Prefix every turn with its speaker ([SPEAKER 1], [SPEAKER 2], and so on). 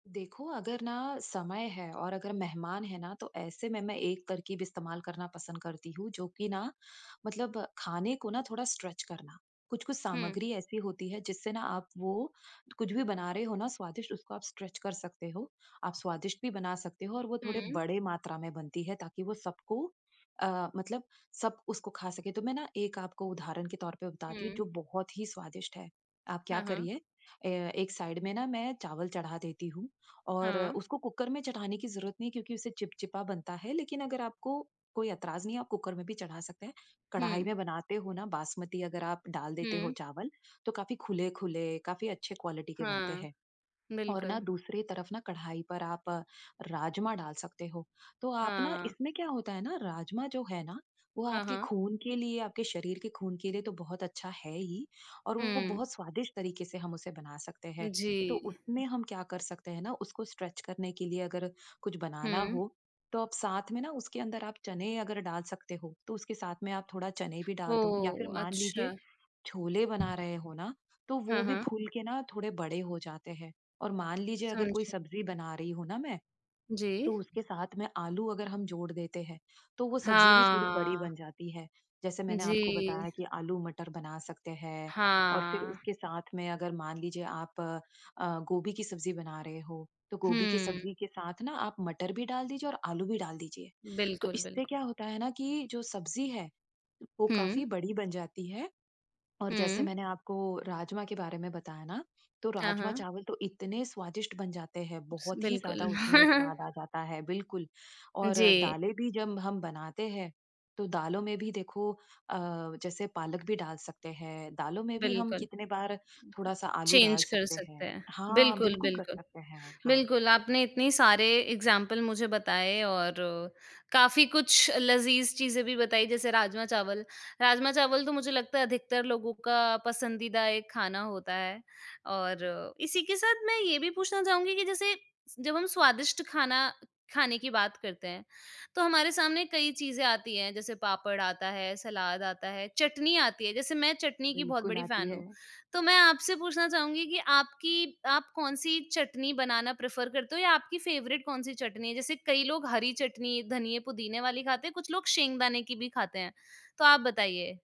[SPEAKER 1] देखो, अगर ना समय है और अगर मेहमान है ना, तो ऐसे में मैं एक तरक़ीब इस्तेमाल करना पसंद करती हूँ, जो कि ना मतलब खाने को ना थोड़ा स्ट्रेच करना। कुछ-कुछ
[SPEAKER 2] हुँ।
[SPEAKER 1] सामग्री ऐसी होती है जिससे ना आप वो कुछ भी बना रहे हो ना स्वादिष्ट, उसको आप स्ट्रेच कर सकते हो। आप स्वादिष्ट भी बना सकते हो, और वो थोड़े
[SPEAKER 2] हुँ।
[SPEAKER 1] बड़े मात्रा में बनती है ताकि वो सबको अ, मतलब सब उसको खा सकें। तो मैं ना एक आपको उदाहरण के तौर पे बताती हूँ,
[SPEAKER 2] हुँ।
[SPEAKER 1] जो बहुत ही स्वादिष्ट है। आप क्या
[SPEAKER 2] हाँ, हाँ।
[SPEAKER 1] करिए, अ, एक साइड में ना मैं चावल चढ़ा देती हूँ, और अ,
[SPEAKER 2] हाँ।
[SPEAKER 1] उसको कुकर में चढ़ाने की ज़रूरत नहीं है क्योंकि उसे चिपचिपा बनता है लेकिन अगर आपको कोई ऐतराज़ नहीं है, आप कुकर में भी चढ़ा सकते हैं। कढ़ाई
[SPEAKER 2] हुँ।
[SPEAKER 1] में बनाते हो ना बासमती अगर आप डाल देते हो
[SPEAKER 2] हुँ।
[SPEAKER 1] चावल, तो काफ़ी खुले-खुले, काफ़ी अच्छे क्वालिटी के बनते
[SPEAKER 2] हाँ,
[SPEAKER 1] हैं। और ना
[SPEAKER 2] बिल्कुल।
[SPEAKER 1] दूसरी तरफ ना, कढ़ाई पर आप अ, राजमा डाल सकते हो। तो आप ना
[SPEAKER 2] हाँ।
[SPEAKER 1] इसमें क्या होता है ना, राजमा जो है ना, वो
[SPEAKER 2] हाँ,
[SPEAKER 1] आपके
[SPEAKER 2] हाँ।
[SPEAKER 1] खून के लिए, आपके शरीर के खून के लिए तो बहुत अच्छा है ही, और वो
[SPEAKER 2] हुँ।
[SPEAKER 1] बहुत स्वादिष्ट तरीके से हम उसे बना सकते हैं। तो
[SPEAKER 2] जी।
[SPEAKER 1] उसमें हम क्या कर सकते हैं ना, उसको स्ट्रेच करने के लिए अगर कुछ बनाना
[SPEAKER 2] हुँ।
[SPEAKER 1] हो, तो आप साथ में ना उसके अंदर आप चने अगर डाल सकते हो, तो उसके साथ में आप थोड़ा चने भी डाल दो, या फिर
[SPEAKER 2] ओह!
[SPEAKER 1] मान लीजिए
[SPEAKER 2] अच्छा।
[SPEAKER 1] छोले बना रहे हो ना, तो वो
[SPEAKER 2] हाँ,
[SPEAKER 1] भी
[SPEAKER 2] हाँ।
[SPEAKER 1] फूल के ना थोड़े बड़े हो जाते हैं। और मान लीजिए अगर कोई
[SPEAKER 2] समझी।
[SPEAKER 1] सब्ज़ी बना रही हूँ ना मैं,
[SPEAKER 2] जी।
[SPEAKER 1] तो उसके साथ में आलू अगर हम जोड़ देते हैं, तो वो सब्ज़ी भी थोड़ी बड़ी
[SPEAKER 2] हाँ।
[SPEAKER 1] बन जाती है। जैसे मैंने आपको बताया
[SPEAKER 2] जी।
[SPEAKER 1] कि आलू मटर बना सकते हैं। और फिर
[SPEAKER 2] हाँ।
[SPEAKER 1] उसके साथ में अगर मान लीजिए आप अ, अ, गोभी की सब्ज़ी बना रहे हो, तो गोभी की
[SPEAKER 2] हुँ।
[SPEAKER 1] सब्ज़ी के साथ ना आप मटर भी डाल दीजिए और आलू भी डाल दीजिए। तो
[SPEAKER 2] बिल्कुल,
[SPEAKER 1] इससे
[SPEAKER 2] बिल्कुल।
[SPEAKER 1] क्या होता है ना, कि जो सब्ज़ी है वो
[SPEAKER 2] हुँ।
[SPEAKER 1] काफ़ी बड़ी बन जाती है। और जैसे
[SPEAKER 2] हुँ।
[SPEAKER 1] मैंने आपको राजमा के बारे में बताया ना, तो
[SPEAKER 2] हाँ, हाँ।
[SPEAKER 1] राजमा-चावल तो इतने स्वादिष्ट बन जाते हैं,
[SPEAKER 2] स
[SPEAKER 1] बहुत ही
[SPEAKER 2] बिल्कुल।
[SPEAKER 1] ज़्यादा उसमें स्वाद आ जाता है, बिल्कुल। और
[SPEAKER 2] जी।
[SPEAKER 1] दालें भी जब हम बनाते हैं, तो दालों में भी देखो अ, जैसे पालक भी डाल सकते हैं, दालों में भी हम
[SPEAKER 2] बिल्कुल।
[SPEAKER 1] कितने बार थोड़ा-सा आलू डाल
[SPEAKER 2] चेंज कर
[SPEAKER 1] सकते हैं।
[SPEAKER 2] सकते हैं।
[SPEAKER 1] हाँ,
[SPEAKER 2] बिल्कुल,
[SPEAKER 1] बिल्कुल कर
[SPEAKER 2] बिल्कुल।
[SPEAKER 1] सकते हैं। हाँ।
[SPEAKER 2] बिल्कुल, आपने इतने सारे एग्ज़ाम्पल मुझे बताए और अ, काफ़ी कुछ लज़ीज़ चीज़ें भी बताई जैसे राजमा-चावल। राजमा-चावल तो मुझे लगता है अधिकतर लोगों का पसंदीदा एक खाना होता है। और इसी के साथ मैं ये भी पूछना चाहूँगी कि जैसे जब हम स्वादिष्ट खाना खाने की बात करते हैं, तो हमारे सामने कई चीज़ें आती हैं, जैसे पापड़ आता है, सलाद आता है, चटनी आती है। जैसे मैं चटनी की बहुत
[SPEAKER 1] बिल्कुल
[SPEAKER 2] बड़ी
[SPEAKER 1] आती
[SPEAKER 2] फैन हूँ,
[SPEAKER 1] है।
[SPEAKER 2] तो मैं आपसे पूछना चाहूँगी कि आपकी आप कौन-सी चटनी बनाना प्रेफ़र करते हो, या आपकी फ़ेवरेट कौन-सी चटनी है? जैसे कई लोग हरी चटनी, धनिया-पुदीने वाली खाते हैं, कुछ लोग सींगदाने की भी खाते हैं, तो आप बताइए।